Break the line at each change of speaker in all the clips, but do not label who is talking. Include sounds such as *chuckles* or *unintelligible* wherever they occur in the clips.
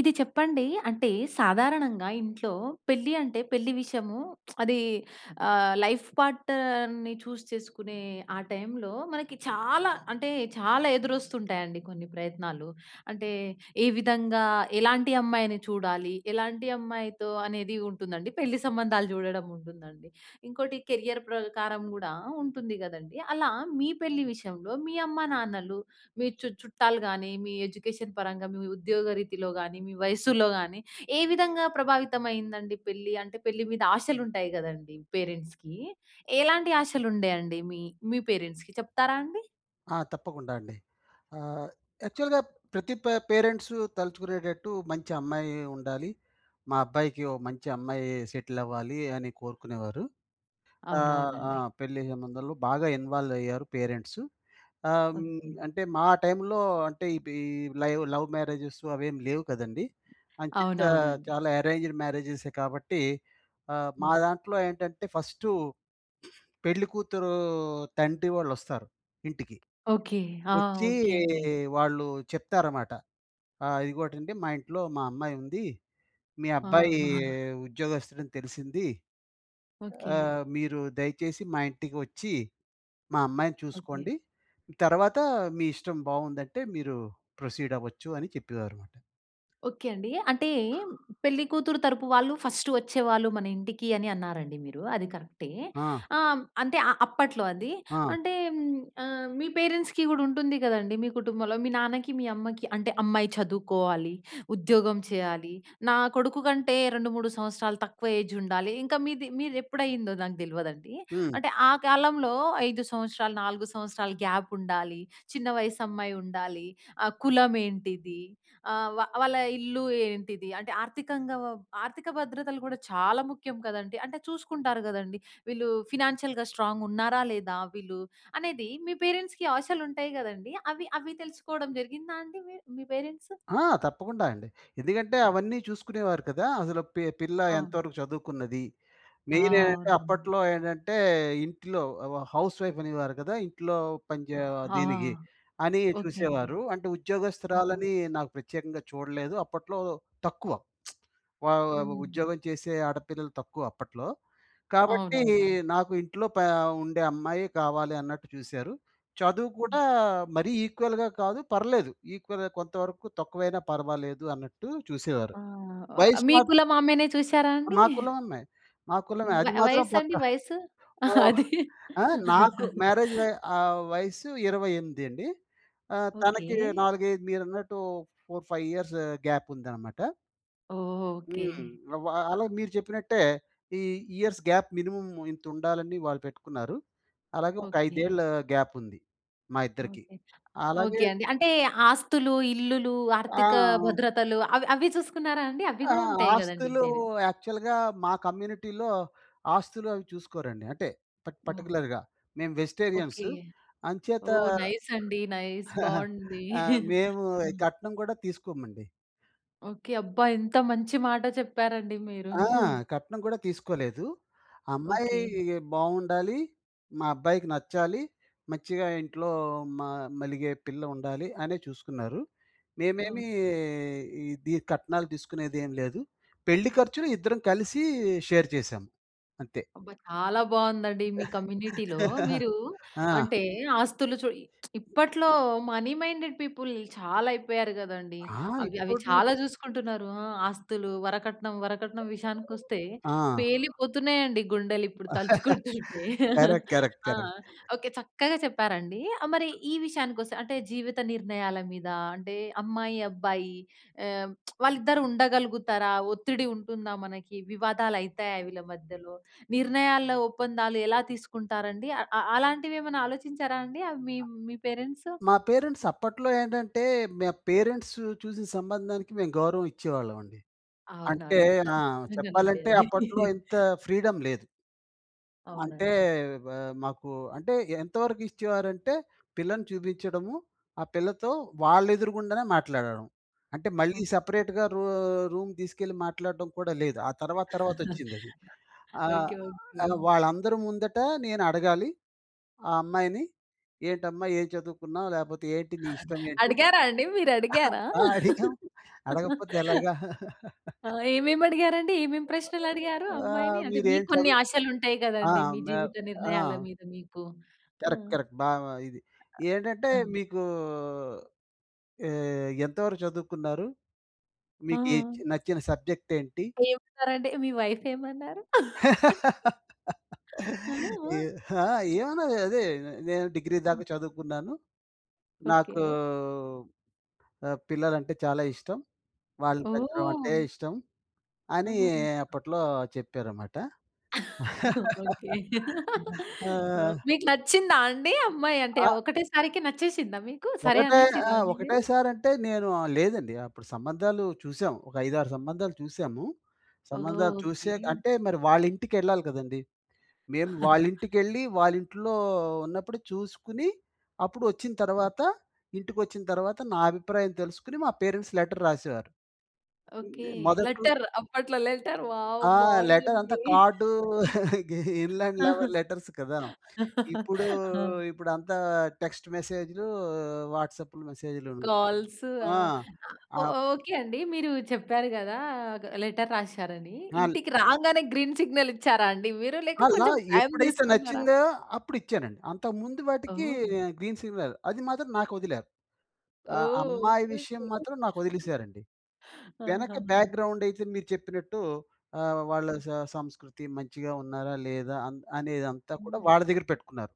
ఇది చెప్పండి? అంటే సాధారణంగా ఇంట్లో, పెళ్లి అంటే పెళ్లి విషయము *smacks lips* అది ఆహ్, లైఫ్ పార్ట్నర్‌న్ని చూస్ చేసుకునే ఆ టైమ్‌లో మనకి చాలా అంటే చాలా ఎదురస్తు ఉంటాయండి కొన్ని ప్రయత్నాలు. అంటే ఏ విధంగా, ఎలాంటి అమ్మాయిని చూడాలి? ఎలాంటి అమ్మాయితో అనేది ఉంటుందండి. పెళ్లి సంబంధాలు చూడడం ఉంటుం‌దండి. ఇంకోటి కెరియర్ ప్రకారం కూడా ఉంటుంది కదండీ! అలా మీ పెళ్లి విషయంలో, మీ అమ్మ నాన్నలు మీ చు చుట్టాలు గాని, మీ ఎడ్యుకేషన్ పరంగా, మీ ఉద్యోగ రీతిలో గాని, మీ వయస్సులో గాని ఏ విధంగా ప్రభావితం అయిందండి పెళ్లి? అంటే పెళ్లి మీద ఆశలుంటాయి కదండీ పేరెంట్స్‌కి. ఎలాంటి ఆశలు ఉండేవి అండి మీ మీ పేరెంట్స్‌కి చెప్తారా అండి?
ఆ! తప్పకుండా అండి. ఆహ్, యాక్చువల్‌గా ప్రతి పే పేరెంట్స్ తలుచుకునేటట్టు మంచి అమ్మాయి ఉండాలి. మా అబ్బాయికి ఒక మంచి అమ్మాయి సెటిల్ అవ్వాలి అని కోరుకునేవారు. ఆహ్, ఆ!
అవునవునండి.
పెళ్లి సంబంధంలో బాగా ఇన్వాల్వ్ అయ్యారు పేరెంట్స్. ఆహ్,
ఓకే.
అంటే మా టైమ్‌లో అంటే ఈ‌పి లైవ్ లవ్ మ్యారేజెస్ అవేమి లేవు కదండీ! అంచేత
అవునవునండీ.
చాలా అరేంజ్‌డ్ మ్యారేజె‌సే కాబట్టి. ఆహ్, మా
హ్మ్.
దాంట్లో ఏంటంటే ఫస్ట్ పెళ్ళికూతురు తండ్రి వాళ్ళు వస్తారు ఇంటికి.
ఓకే. ఆ!
వచ్చి
ఓకే అండి.
వాళ్ళు చెప్తారమాట. ఆ! "ఇదిగోటండి మా ఇంట్లో మా అమ్మాయి ఉంది. మీ అబ్బాయి
ఆహా!
ఉద్యోగస్థుడని తెలిసింది.
ఓకే.
ఆ మీరు దయచేసి మా ఇంటికి వచ్చి, మా అమ్మాయిని
ఓకే.
చూసుకోండి. తర్వాత మీ ఇష్టం బాగుందంటే మీరు ప్రొసీడ్ అవ్వచ్చు" అని చెప్పేవారుమాట.
ఓకే అండి. అంటే పెళ్లి కూతురు తరపు వాళ్ళు ఫస్ట్ వచ్చేవాళ్ళు మన ఇంటికి అని అన్నారండి మీరు అది కరె‌క్టే.
ఆ!
ఆహ్, అంటే ఆ అప్పట్లో అది.
ఆ!
అంటే ఆహ్, మీ పేరెంట్స్‌కి కూడా ఉంటుంది కదండీ! మీ కుటుంబంలో మీ నాన్నకి, మీ అమ్మకి అంటే అమ్మాయి చదువుకోవాలి. ఉద్యోగం చేయాలి. నా కొడుకు కంటే 2, 3 సంవత్సరాలు తక్కువ ఏజ్ ఉండాలి. ఇంకా మీది మీది ఎప్పుడు అయిందో నాకు తెలవదండి.
హ్మ్.
అంటే ఆ కాలంలో 5 సంవత్సరాలు, 4 సంవత్సరాలు గ్యాప్ ఉండాలి. చిన్న వయసు అమ్మాయుండాలి. ఆహ్, కులమేంటిది? ఆహ్, వా వాళ్ళ ఇల్లు ఏంటిది? అంటే ఆర్థికంగా‌వ ఆర్థిక భద్రతలు కూడా చాలా ముఖ్యం కదండీ! అంటే చూసుకుంటారు కదండీ! వీళ్ళు ఫైనాన్షియల్‌గా స్ట్రాంగ్ ఉన్నారా? లేదా? వీళ్ళు అనేది మీ పేరెంట్స్‌కి ఆశలు ఉంటాయి కదండీ. అవి అవి తెలుసుకోవడం జరిగిందా అండి మీ మీ పేరెంట్స్?
ఆ! తప్పకుండా అండి. ఎందుకంటే, అవన్నీ చూసుకునేవారు కదా! అసలు పి పిల్ల ఎంత
అవును.
వరకు చదువుకున్నది.
ఆ!
మెయిన్ ఏంటంటే
అవునండి.
అప్పట్లో ఏంటంటే ఇం‌టిలో వ హౌస్ వైఫ్ అనేవారు కదా! ఇంట్లో పని‌చే
ఆ!
దీనికి అని
ఓకే అండి.
చూసేవారు. అంటే
ఓహ్!
ఉద్యోగస్తురాలని నాకు ప్రత్యేకంగా చూడలేదు. అప్పట్లో తక్కువ. *smacks lips* వ
హ్మ్.
ఉద్యోగం చేసే ఆడపిల్లలు తక్కువ అప్పట్లో. కాబట్టి
అవునవునండి.
నాకు ఇంట్లో పే ఉండే అమ్మాయే కావాలి అన్నట్టు చూసారు. చదువు
హ్మ్.
కూడా మరీ ఈక్వల్‌గా కాదు, పర్లేదు ఈక్వల్‌గా కొంతవరకు తక్కువైనా పర్వాలేదు అన్నట్టు చూసేవారు.
ఆహ్,
వయసు‌మ
మీ కులం ఆమెనే చూసారా అండి?
మా కులం అమ్మాయి. మా కులమే, అది
వయ
మాత్రం
వయసండి,
పక్కా.
వయసు?
ఓహ్!
అది.
ఆహ్, నాకు మ్యారేజ్‌ వ ఆహ్, వయసు 28 అండి. ఆహ్, తనకి
ఓకే.
4, 5 మీరన్నట్టు 4, 5 ఇయర్స్ గ్యాప్ ఉందన్నమాట.
ఓహ్! ఓకే.
హ్మ్. వా
అ
అలాగే మీరు చెప్పినట్టే ఈ ఇయర్స్ గ్యాప్ మినిమమ్ ఇంత ఉండాలని వాళ్ళు పెట్టుకున్నారు. అలాగే ఒక
ఓకే.
5 ఏళ్ల గ్యాప్ ఉంది మా ఇద్దరికి.
ఓకే.
అలాగే
ఓకే అండి. అంటే ఆస్తులు, ఇల్లులు, ఆర్థిక
ఆ!
భద్రతలు అవి అవి చూసుకున్నారా అండి? అవి
ఆ!
కూడా ఉంటాయి కదండీ.
ఆస్తులు
పేరెం
యాక్చువల్‌గా మా కమ్యూనిటీలో ఆస్తులు అవి చూసుకోరండి. అంటే ప ట్
ఓహ్!
పర్టిక్యులర్‌గా మేము
ఓకే.
వెజిటేరియన్సు అంచేత,
ఓహ్. నైస్ అండి. నైస్
*chuckles*
బావుంది.
ఆహ్,
*chuckles*
మేము,
హ్మ్.
కట్నం కూడా తీసుకోమండి.
ఓకే. అబ్బా! ఎంత మంచి మాట చెప్పారండి మీరు.
ఆ!
*chuckles*
కట్నం కూడా తీసుకోలేదు. అమ్మాయి
ఓకే.
బావుండాలి. మా అబ్బాయికి నచ్చాలి. మంచిగా ఇంట్లో మా మలిగే పిల్ల ఉండాలి అనే చూసుకున్నారు. మేమేమి, ఇది కట్నాలు తీసుకునేది ఏం లేదు. పెళ్లి ఖర్చులు ఇద్దరం కలిసి షేర్ చేసాం. అంతే.
అబ్బా! చాలా బావుందండి. మీ కమ్యూనిటీలో
*giggles*
మీరు
ఆ!
అంటే, ఆస్తులు చూ *smacks lips* ఇప్పట్లో మనీ మైండేడ్ పీపుల్ చాలా అయిపోయారు కదండీ.
ఆ!
అవి అవి
ఇప్పుడు
చాలా చూసుకుంటున్నారు. ఆహ్, ఆస్తులు, వరకట్నం, వరకట్నం విషయానికొస్తే
ఆ!
పేలిపోతున్నాయండి గుండెలిప్పుడు
*chuckles*
తలుచుకుంటుంటే. *chuckles*
కరెక్ట్, కరెక్ట్,
ఆ!
కరెక్ట్.
ఓకే చక్కగా చెప్పారండి. ఆ! మరి ఈ విషయానికి వస్తే అంటే జీవిత నిర్ణయాల మీద, అంటే అమ్మాయి అబ్బాయి ఆహ్, *smacks lips* వాళ్ళిద్దరూ ఉండగలుగుతారా, ఒత్తిడి ఉంటుందా? మనకి వివాదాలు అయితాయ వీళ్ళ మధ్యలో, నిర్ణయాల ఒప్పందాలు ఎలా తీసుకుంటారండి? అ అలాంటివి ఏమైనా ఆలోచించారా అండి. మీ మీ పరెంట్సు?
మా పేరెంట్స్ అప్పట్లో ఏంటంటే, మా పేరెంట్స్ చూసిన సంబంధానికి మేము గౌరవం ఇచ్చేవాళ్లమండి.
అవునా
అంటే
అండి.
ఆ!
*unintelligible* అండి
చెప్పాలంటే
అది.
అప్పట్లో ఇంత ఫ్రీడమ్ లేదు. అంటే
అవునండి.
ఆహ్, మాకు అంటే ఎంతవరకు ఇచ్చేవారంటే పిల్లని చూపించడము, ఆ పిల్లతో వాళ్ళ ఎదురుగుండానే మాట్లాడడం. అంటే మళ్ళీ
హ్మ్.
సెపరేట్‌గా రూ రూమ్ తీసుకెళ్ళి మాట్లాడటం కూడా లేదు. ఆ తర్వాత తర్వాత
*giggles*
వచ్చిందది. ఆహ్,
ఓకే. ఓకే.
వాళ్ళందరి ముందట నేనడగాలి. ఆ అమ్మాయిని, ఏంటమ్మా ఏం చదువుకున్నావు, లేకపోతే ఏంటి నీ ఇష్టం ఏంటి?
అడిగారా అండి మీరు అడిగారా?
ఆహ్, అడిగాము అడగకపోతే
*laughs*
ఎలాగా? *chuckles*
ఆహ్, ఏమేమి అడిగారు అండి. ఏమేమి ప్రశ్నలు అడిగారు
ఆ!
అమ్మాయిని. అంటే
మీరేం
మీకు కొన్ని
చదువు
ఆశలు ఉంటాయి
ఆ!
కదండీ. మీ
మే
జీవిత
ఆ!
నిర్ణయాల మీద మీకు. ఆ!
కరెక్ట్. కరెక్ట్. బాగా ఇది ఏంటంటే
ఆ!
మీకూ, ఏ ఎంత వరకు చదువుకున్నారు? మీకు ఎ
ఆ!
నచ్చిన సబ్జెక్ట్ ఏంటి?
ఏమన్నారండి. మీ వైఫ్ ఏమన్నారు. *laughs*
*laughs*
ఆ! ఆ!
ఏ హా! ఏమన్నా అదే నేను డిగ్రీ దాక చదువుకున్నాను. నాకూ
ఓకే.
ఆహ్, పిల్లలంటే చాలా ఇష్టం. వాళ్ళని పెంచడం అంటే
ఓహ్!
ఇష్టం అని
ఆ!
అప్పట్లో చెప్పారమాట.
*laughs* ఓకే.
*laughs* ఆ!
ఆ! మీకు నచ్చిందా అండి. అమ్మాయి అంటే
ఆ!
ఒకటే సారికి నచ్చేసిందా మీకు. సరే
ఒకటే ఆ!
అనేసిర్రా అండి
ఒకటే
మీరు.
సారి అంటే నేను, లేదండి అప్పుడు సంబంధాలు చూసాం. ఒక 5,6 సంబంధాలు చూసాము.
ఓహ్!
సంబంధాలు
ఓకే.
చూసే అంటే మరి వాళ్ళ ఇంటికి వెళ్ళాలి కదండీ. మేము
*chuckles*
వాళ్ళ ఇంటికి వెళ్లి వాళ్ళ ఇంట్లో ఉన్నప్పుడు చూసుకొని అప్పుడు వచ్చిన తర్వాత, ఇంటికి వచ్చిన తరువాత నా అభిప్రాయం తెలుసుకొని మా పేరెంట్స్ లెటర్ రాసేవారు.
ఓకే.
మొదట్లో
లెటర్ అప్పట్లో లెటర్ వావ్!
ఆ! లెటర్ అంతా
బావుందండి.
కార్డ్ *giggles* గి ఇన్లాండ్
ఆహా!
లెవెల్ లెటర్స్ కదా! ఇప్పుడు,
హా!
ఇప్పుడు అంతా టెక్స్ట్ మెసేజ్‌లు, వాట్సాప్ మెసేజ్‌లును.
కాల్సు
ఆ!
ఆహ్ ఓహ్!
ఆప్
ఓకే అండి. మీరు చెప్పారు కదా! లెటర్ రాసారని
హాల్
ఇంటికి రాంగానే గ్రీన్ సిగ్నల్ ఇచ్చారా అండి మీరు? లేక
అలా
కొంచెం టైమ్
ఎప్పుడైతే
తీసుకున్నారా?
నచ్చిందో అప్పుడు ఇచ్చానండి. అంతకు ముందు వాటికి
ఓహ్!
గ్రీన్ సిగ్నల్ అది మాత్రం నాకు వదిలారు. అ
ఓహ్!
అమ్మాయి
ఓకే.
విషయం
ఓకే.
మాత్రం నాకు
*giggles*
వదిలేసారండి. వెనక
ఆహా!
బ్యాక్‌గ్రౌండ్ అయితే మీరు చెప్పినట్టు ఆహ్, వాళ్ళ సం సంస్కృతి మంచిగా ఉన్నారా లేదా అన్ అనేదంతా కూడా
ఆ!
వాళ్ళ దగ్గర పెట్టుకున్నారు.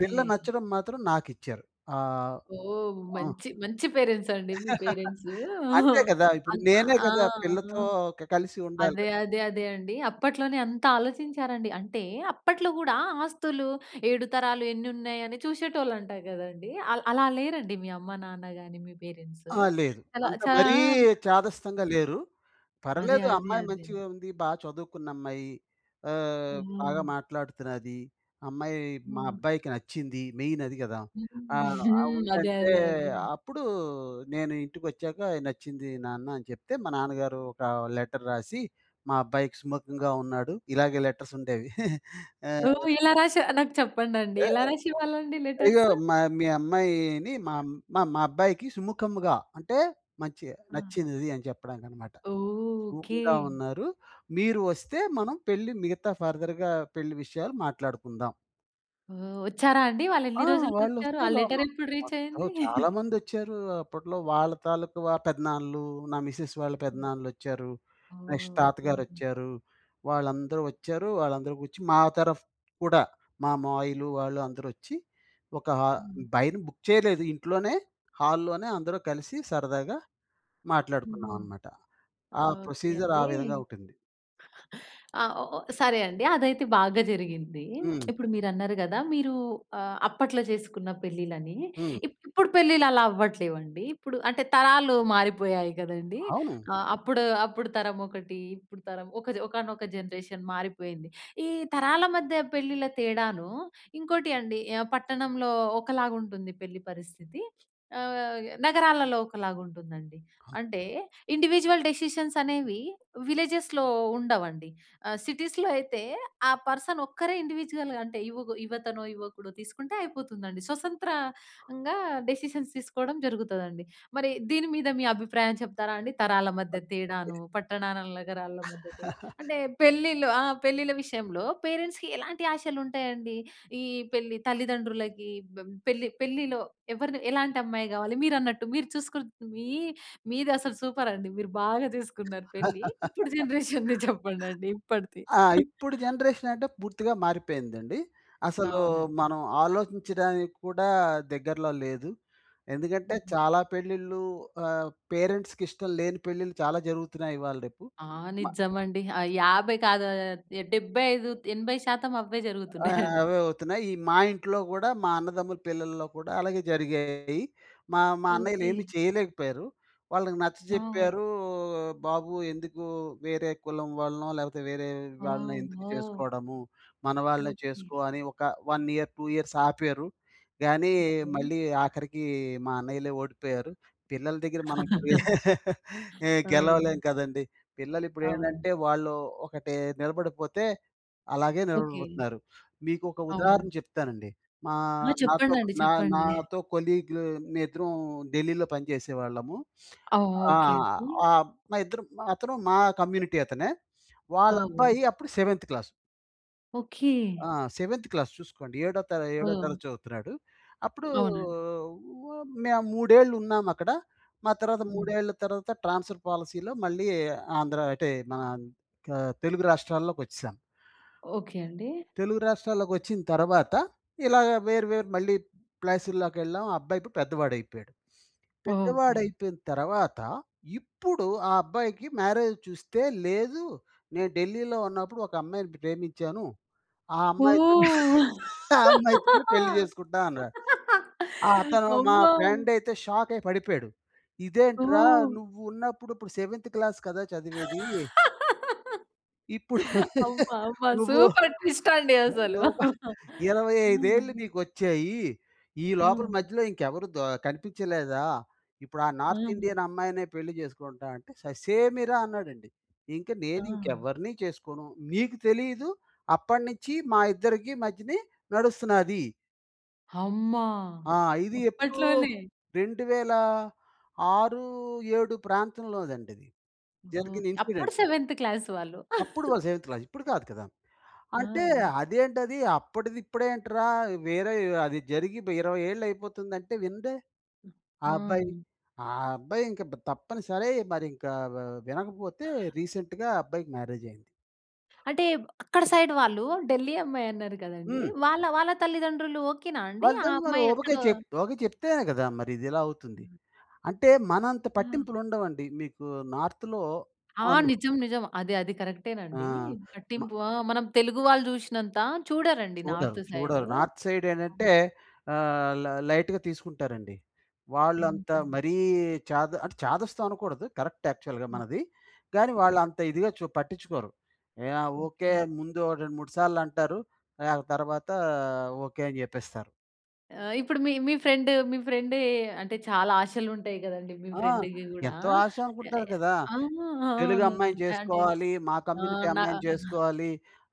పిల్ల నచ్చడం మాత్రం నాకిచ్చారు. ఆ!
ఓహ్!
ఆ.
మంచి, మంచి పేరెంట్స్ అండి మీ
*giggles*
పేరెంట్స్.
అంతే
ఆహ్,
గదా! ఇప్పుడు
అన్
నేనే
ఆ! ఆ!
గదా! పిల్లతో క కలిసి ఉండాలి.
అదే, అదే, అదే అండి. అప్పట్లోనే అంత ఆలోచించారండి అంటే అప్పట్లో గూడా ఆస్తులు, ఏడు తరాలు ఎన్ని ఉన్నయి? అని చూసేటోళ్ళు అంటారు గదండీ. అల్ అలా లేరండి మీ అమ్మ, నాన్న గాని మీ పేరెంట్స్.
ఆ! లేదు.
అలా
అంత
చా
మరీ
ఆహ్
చాదస్తంగా లేరు.
అదే,
పర్లేదు
అదే,
అమ్మాయి
అదే.
మంచిగ ఉంది. బా చదువుకున్న అమ్మాయి. ఆహ్, బాగా
హ్మ్.
మాట్లాడుతున్నది. అమ్మాయి మా
హ్మ్.
అబ్బాయికి నచ్చింది. మెయిన్ అది గదా!
హ్మ్.
ఆ!
*giggles*
ఆ
హ్మ్. అదే,
ఉందంటే
అదే, అదే.
అప్పుడు నేను ఇంటికి ఒచ్చాక "నచ్చింది నాన్న" అని చెప్తే మా నాన్నగారు ఒక లెటర్ రాసి "మా అబ్బాయికి సుముకంగా ఉన్నాడు." ఇలాగే లెటర్స్ ఉండేవి. *chuckles* ఆ!
ఓహ్! ఇలా రాస నాకు చెప్పండండి.
ఆహ్,
ఎలా
ఆహ్,
రాసేవాళ్ళండి
"ఇగో
లెటర్స్?
మ మీ అమ్మాయిని మామ్ ఆహ్, మా అబ్బాయికి సుముఖముగా అంటే మంచిగా
ఆ!
నచ్చినది అని చెప్పడానికి అన్నమాట.
ఓహ్! ఓకె.
సుముఖంగా ఉన్నారు. మీరు వస్తే మనం పెళ్లి మిగతా ఫర్దర్‌గా పెళ్లి విషయాలు మాట్లాడుకుందాం."
ఓహ్! ఒచ్చారా అండి? వాళ్ళు
ఆ!
ఎన్ని
*unintelligible*
రోజులకి
వాళ్ళు
ఒచ్చారు? ఆ
ఒస్తేరు ఆళ్ళు
లెటర్ ఎప్పుడు రీచ్
అబ్బో!
అయ్యింది?
చాలా
*chuckles*
మంది ఒచ్చారు అప్పట్లో. వాళ్ళ తాలూకా వ పెదనాన్నలు, నా మిసెస్ వాళ్ళ పెదనాన్నలు ఒచ్చారు.
ఓహ్!
నెక్స్ట్
ఓకె
తాతగారు
అండి.
ఒచ్చారు. వాళ్ళందరూ ఒచ్చారు. వాళ్ళందరూ కూర్చి మా తరఫ్ కూడా మా మావయలు వాళ్ళు అందరూ ఒచ్చి ఒక హ
హ్మ్.
బైన్ బుక్ చేయలేదు ఇంట్లోనే హాల్లోనే అందరూ కలిసి సరదాగా
హుహు.
మాట్లాడుకున్నాం అన్నమాట. ఆ
ఓకె
ప్రొసిజర్ ఆ విధంగా
అండి.ఆహ్,
ఉంటుంది.
ఓ ఓ సరే అండి. అది అయితే బాగా జరిగింది.
హ్మ్.
*smacks lips* ఇప్పుడు మీరు అన్నరు గదా! మీరు ఆహ్, అప్పట్లో జెసుకున్న పెళ్లిలు అని.
హ్మ్.
ఇప్పుడు పెళ్లిలు అలా అవ్వట్లేదండి. ఇప్పుడు అంటే తరాలు మారిపోయాయి గదండీ.
అవును.
ఆహ్, అప్పుడు, అప్పుడు తరం ఒకటి. ఇప్పుడు తరం ఒక జన్ ఒకానొక జనరేషన్ మారిపోయింది. ఈ తరాల మధ్య పెళ్లిల తేడాను ఇంకోటి అండి ఆహ్, పట్టణంలో ఒకలాగా ఉంటుంది పెళ్లి పరిస్థితి. ఆహ్, య్ నగరాలలో ఒకలాగా ఉంటుంది అండి. అంటే ఇండివిడ్యువల్ డెసిషన్స్ అనేవి విల్లెజెస్‌లో ఉండవండి. ఆహ్, సిటీస్‌లో అయితే ఆ పర్సన్ ఒక్కరే ఇండివిడ్యువల్‌గా అంటే యువగ్ యువతనో, యువకుడో తీసుకుంటే అయిపోతుంది అండి. స్వసంత్రంగా డెసిషన్స్ తీసుకోవడం జరుగుతది అండి. మరి దీని మీద మీ అభిప్రాయం చెప్తారా అండి? తరాల మధ్య తేడాను, పట్టణాల, నగరాల మధ్య తేడా
*chuckles*
అంటే పెళ్ళిలో ఆ! పెళ్ళిళ్ళ విషయంలో పేరెంట్స్‌కి ఎలాంటి ఆశలు ఉంటాయి అండి? ఈ పెళ్లి తల్లిదండ్రులకి బ పెళ్లి పెళ్లిలో ఎవరిని ఎలాంటి అమ్మాయి గావాలి మీరు అన్నట్టు. మీరు చూసకుంటే మీ మీది అసలు సూపర్ అండి. మీరు బాగా చేసుకున్నారు పెళ్లి.
*chuckles*
ఇప్పుడు జనరేషన్‌‌ది చెప్పండండి. ఇప్పడిది.
ఆ!
*giggles*
ఇప్పుడు జనరేషన్ అంటే పూర్తిగా మారిపోయిందండి. అసలు
అవునండి.
మనం ఆలోచించడానికి కూడా దగ్గరలో లేదు. ఎందుకంటే
హుహు.
చాలా పెళ్ళిలు ఆహ్, పేరెంట్స్‌కి ఇష్టం లేని పెళ్ళిలు చాలా జరుగుతున్నాయి. ఇవాళ రేపు.
ఆ!
మ
నిజం అండి. అయ్ 50 కాదు ఆహ్, 75-80% అవే
ఆ!
జరుగుతున్నాయి *giggles* అండి.
అవే అవుతున్నాయి. ఈ మా ఇంట్లో గూడా మా అన్నదమ్ముల పిల్లల్లో కూడా అలాగే జరిగాయి. మా మా అన్నయ్యలు ఏమీ
ఓకె.
చేయలేకపోయారు. వాళ్ళకి
నో వే.
నచ్చచెప్పారు "బాబు ఎందుకు వేరే కులం వాళ్ళనో లేకపోతే వేరే వాళ్ళని ఎందుకు
వామ్మో!
చేసుకోవడము. మన వాళ్ళనె
ఓకె.
చేసుకో" అని ఒక 1, 2 ఇయర్స్ ఆపారు. గాని
ఓకె.
మళ్ళీ ఆఖరికి మా అన్నయ్యలే ఓడిపోయారు. పిల్లల దగ్గర మనకు ఎ
*laughs*
*chuckles* ఏ
ఆ!
గెలవలేం కదండీ. పిల్లలు ఇప్పుడు
అవునండి.
ఏంటంటే వాళ్ళు ఒకటే నిలబడిపోతే అలాగే
ఓకె.
నిలబడిపోతున్నారు. మీకు ఒక ఉదాహరణ
అవునండి.
చెప్తానండి. మా
ఆ
నాతో ఒక్
చెప్పండండి.
నా
చెప్పండి. *giggles*
నాతో కొలీగ్ మేమిద్దరం ఢిల్లీలో పనిచేసేవాళ్ళము.
ఆ!
ఆ!
ఓకె అండి.
ఆ! మా ఇద్దరు అతను మా కమ్యూనిటీ అతనే. వాళ్ళ
ఓహో!
అబ్బాయి అప్పుడు 7 క్లాస్.
ఓకే.
ఆ! సెవెంత్ క్లాస్ చూసుకోండి. ఏడో తా ఏడో
హ్మ్.
తరగతి చదువుతున్నాడు. అప్పుడూ
అవునండి.
వ మే 3 ఏళ్ళు ఉన్నామక్కడ. మా తర్వాత,
హ్మ్.
3 ఏళ్ళ తరువాత ట్రాన్స్‌ఫర్ పాలిసీలో మళ్ళీ ఆంధ్ర అటే మన ఆహ్, తెలుగు రాష్ట్రాల్లోకొచ్చేశాం.
ఓకే అండి.
తెలుగు రాష్ట్రాల్లోకి వచ్చిన తర్వాత, ఇలాగా వేరు, వేరు మళ్ళీ ప్లాసిల్లాకెళ్ళాం. ఆ అబ్బాయి ఇప్పుడు పెద్దవాడైపోయాడు.
ఓకే.
పెద్దవాడైపోయిపోయిన తర్వాత, ఇప్పుడు ఆ అబ్బాయికి మ్యారేజ్ చూస్తే లేదూ, "నేను ఢిల్లీలో ఉన్నప్పుడు ఒక అమ్మాయిని ప్రేమించాను. ఆ అమ్మాయితోనే
ఓహ్!
ఆ అమ్మాయితోనే పెళ్లి చేసుకుంటా" అన్నాడు. ఆహ్, అతను మా
అమ్మో!
ఫ్రెండయితే షాక్ అయి పడిపోయాడు. ఇదేంట్రా
ఓహ్!
నువ్వు ఉన్నప్పుడు ఇప్పుడు సెవెంత్ క్లాస్ కదా! చదివేదీ. ఇప్పుడు
అమ్మ!
*laughs*
అమ్మ!
నువ్వు
సూపర్ ట్విస్టండి అసలు.
*unintelligible*
అమ్మ!
25 ఏళ్ళు నీకొచ్చాయీ. ఈ లోపల
ఆ!
మధ్యలో ఇంకెవరు దో కనిపించలేదా? ఇప్పుడు ఆ నార్త్
ఆ!
ఇండియన్ అమ్మాయినే పెళ్లి చేసుకుంటా అంటే ససేమిరా అన్నాడండి. "ఇంక నేను
ఆ!
ఇంకెవ్వరినీ చేసుకోను. నీకు తెలీదు, అప్పడి నించి మా ఇద్దరికీ మధ్యనీ నడుస్తున్నాది."
హమ్మా!
ఆ! ఇది ఎప్పుడూ,
అప్పట్లోనే?
2006 7 ప్రాంతంలోది అండి. ఇది జరిగిన
ఓకే.
ఇన్సిడెంట్.
అప్పుడు సెవెంత్ క్లాస్ వాళ్ళు.
అప్పుడు
*chuckles*
వాళ్ళు సెవెంత్ క్లాస్. ఇప్పుడు కాదు కదా! అంటే
ఆ!
అదేంటది అప్పటిది ఇప్పుడు ఏంట్రా, వేరే అది జరిగి బ్ 20 ఏళ్ళు అయిపోతుందంటే వినడే, ఆ అబ్బాయి.
ఆ!
ఆ అబ్బాయి ఇంక బ్ తప్పనిసరై మరి ఇంకా వా వినకపోతే రీసెంట్‌గా ఆ అబ్బాయికి మ్యారేజ్ అయింది.
అంటే బ్ అక్కడ సైడ్ వాళ్ళు, ఢిల్లీ అమ్మాయి అన్నారు కదండీ
హ్మ్.
వాళ్ళ వాళ్ళ తల్లిదండ్రులు ఓకే నా అండి? ఆ
వాళ్ళదెం వారు
అమ్మాయి
ఓబకే
ఎక్కడో
ఓకే చెప్తేనే గదా! మరి ఇది ఇలా అవుతుంది.
ఆ!
అంటే మనంత
ఆ!
పట్టింపులు ఉండవండి. మీకు నార్త్‌లో
ఆ!
ఆహ్, హ్మ్.
నిజం, నిజం. అది అది కరెక్టే‌నండీ.
ఆ! మ
పట్టింపు ఆ! మనం తెలుగు వాళ్ళు చూషినంత చూడరండి
చూడరు,
నార్త్ సైడ్
చూడరు. నార్త్ సైడ్ ఏంటంటే ఆహ్, ల లైట్‌గా తీసుకుంటారండి. వాళ్ళు అంత
హుహు.
మరీ చాద అంటే చాదస్తం అనకూడదు. కరెక్ట్ యాక్చువల్‌గా మనది. కానీ వాళ్ళు
హ్మ్.
అంత ఇదిగా చూ పట్టించుకోరు. ఏహ్! ఆ ఓకే
ఓకే.
ముందు 2, 3 సార్లు అంటారు. ఆ తర్వా‌తా ఓకే! అని చెప్పేస్తారు.
ఆ! ఇప్పుడు మీ మీ ఫ్రెండు మీ ఫ్రెండే అంటే చాలా ఆశలుంటాయి కదండీ! మీ
ఆ!
ఫ్రెండ్‌కి కూడా.
ఎంతో
యాహ్!
ఆశానుకుంటారు
యాహ్!
కదా!
ఆ!
తెలుగమ్మాయిని
అవునండి కంటే
చేసుకోవాలి, మా కమ్యూనిటీ
ఆహ్, నా
అమ్మాయిని
*chuckles*
చేసుకోవాలి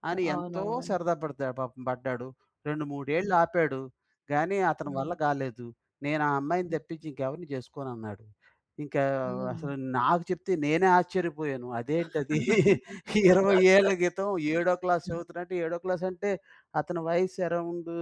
అని ఎంతో
అవునవును.
సరదా పడతాడు పాపం పడ్డాడు. రెండు
హ్మ్.
మూడేళ్ళాపాడు, గాని అతని
హ్మ్.
వల్ల కాలేదు. "నేను ఆ అమ్మాయిని తెప్పించి ఇంకెవరిని చేసుకోనన్నాడు". ఇంకా ఆహ్, అసలు నాకు చెప్తే నేనే ఆశ్చర్యపోయాను. అదేంటదీ? *chuckles* 20 ఏళ్ళ కితం ఏడో క్లాస్
*laughs*
చదువుతున్నట్టు ఏడో క్లాస్ అంటే అతని వయస్సు అరౌండు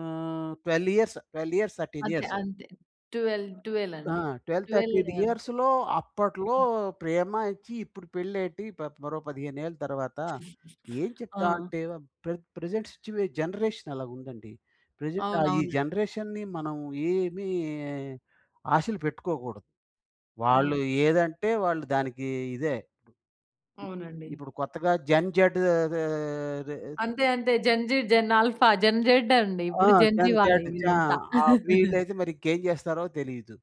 ఆహ్, 12 ఇయర్సు 12 ఇయర్స్, 13
అంతే.
ఇయర్స్.
అంతే. 12, 12
ఆ!
అండి.
12, 13
12 అంతే.
ఇయర్స్‌లో అప్పట్లో ప్రేమ ఇచ్చి ఇప్పుడు పెళ్ళేటి ప మరో 15 ఏళ్లు తర్వాత?
*chuckles*
ఏం చెప్తా
ఆ!
అంటే ప్ర ప్రెజెంట్ సిట్యుయే జనరేషనాలగుందండి. ప్రెజెంట్ ఆహ్, ఈ
అవునవునండి.
జనరేషన్‌ని మనం ఏమీ ఆశలు పెట్టుకోకూడదు. వాళ్ళు
అవును.
ఏదంటే వాళ్ళు దానికి ఇదే.
అవునండి.
ఇప్పుడు కొత్తగా జన్‌ జేడ్ అదే రే
అంతే. అంతే gen‌ Z, gen alpha, gen Z అండి.
ఆ!
ఇప్పుడు జన్ జీ
జన్‌
వాళ్ళే
జేడ్ జా
ఇదంతా.
ఆ!
*chuckles*
వీళ్ళైతే మరి ఇంకేం చేస్తారో తెలీదు.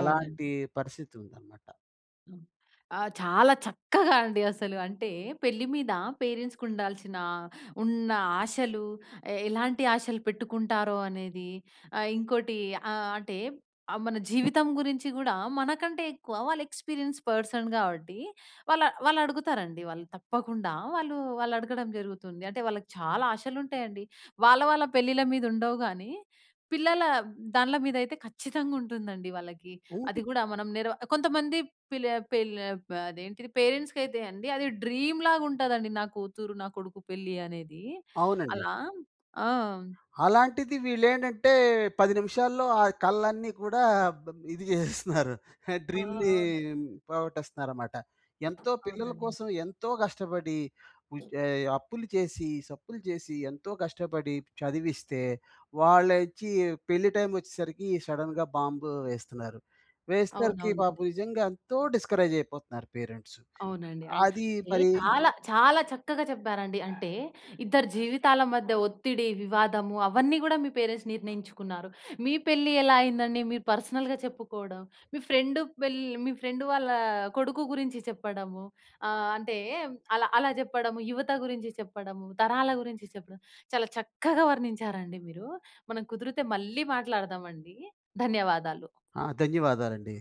అలాంటీ పరిస్థితుందన్నమాట.
హ్మ్. ఆ! చాలా చక్కగా అండి. అసలు అంటే పెళ్లి మీద పేరెంట్స్‌కి ఉండాల్సిన, ఉన్న ఆశలు ఎ ఎలాంటి ఆశలు పెట్టుకుంటారో అనేది ఆహ్, ఇంకోటి ఆహ్, అంటే మన జీవితం గురించి కూడా మనకంటే ఎక్కువ వాళ్ళు ఎక్స్‌పీరియన్స్ పర్సన్ గావట్టి, వాళ్ళు వాళ్ళు అడుగుతారండి వాళ్ళు తప్పకుండా వాళ్ళు వాళ్ళు అడగడం జరుగుతుంది. అంటే వాళ్ళకి చాలా ఆశలు ఉంటాయండి. వాళ్ళ వాళ్ళ పెళ్ళిళ్ళ మీద ఉండవు గాని, పిల్లల దాన్ల మీద అయితే ఖచ్చితంగా ఉంటుందండి వాళ్ళకి. అది
ఉంటుంది.
గూడా మనం నెర కొంతమంది పిల పెళ్లే అప్ అదేంటిది పేరెంట్స్‌కి అయితే అండి అది డ్రీమ్‌లాగ ఉంటాదండి నా కూతురు, నా కొడుకు పెళ్లి అనేది.
అవునండి.
అలా. ఆ!
అలాంటిది వీళ్ళు ఏంటంటే 10 నిమిషాల్లో, ఆ కలలన్నీ కూడా బ్ ఇది జేసేస్తున్నారు. ఆహ్,
ఆ!
డ్రీమ్‌ని
అవునండి.
పోగొట్టేస్తున్నారన్నమాట. ఎంతో పిల్లల
అవునండి.
కోసం ఎంతో కష్టపడి, ఉజే అప్పులు చేసి, సప్పులు చేసి, ఎంతో కష్టపడి చదివిస్తే, వాళ్ళోచ్చి పెళ్లి టైమ్ వచ్చేసరికి సడెన్‌గా బాంబ్ వేస్తున్నారు. వేసేసరికి
అవునవునండి.
పాపం నిజంగా ఎంతో డిస్కరేజ్ అయిపోతున్నారు పేరెంట్స్.
అవునండి. అంటే
అది మరి
చాలా చాలా చక్కగా చెప్పారండి. అంటే ఇద్దరి జీవితాల మధ్య ఒత్తిడి, వివాదము అవన్నీ గూడా మీ పేరెంట్స్ నిర్ణయించుకున్నారు. మీ పెళ్లి ఎలా అయిందండి? మీరు పర్సనల్‌‌గా చెప్పుకోడం, మీ ఫ్రెండ్ పెళ్ళి మీ ఫ్రెండ్ వాళ్ళ కొడుకు గురించి చెప్పడము, ఆహ్, అంటే అలా అలా జెప్పడము, యువత గురించి చెప్పడము, తరాల గురించి చెప్పడం చాలా చక్కగా వర్ణించారండి మీరు. మనం కుదిరితే మళ్ళీ మాట్లాడదామండి. ధన్యవాదాలు.
ఆ! ధన్యవాదాలండి.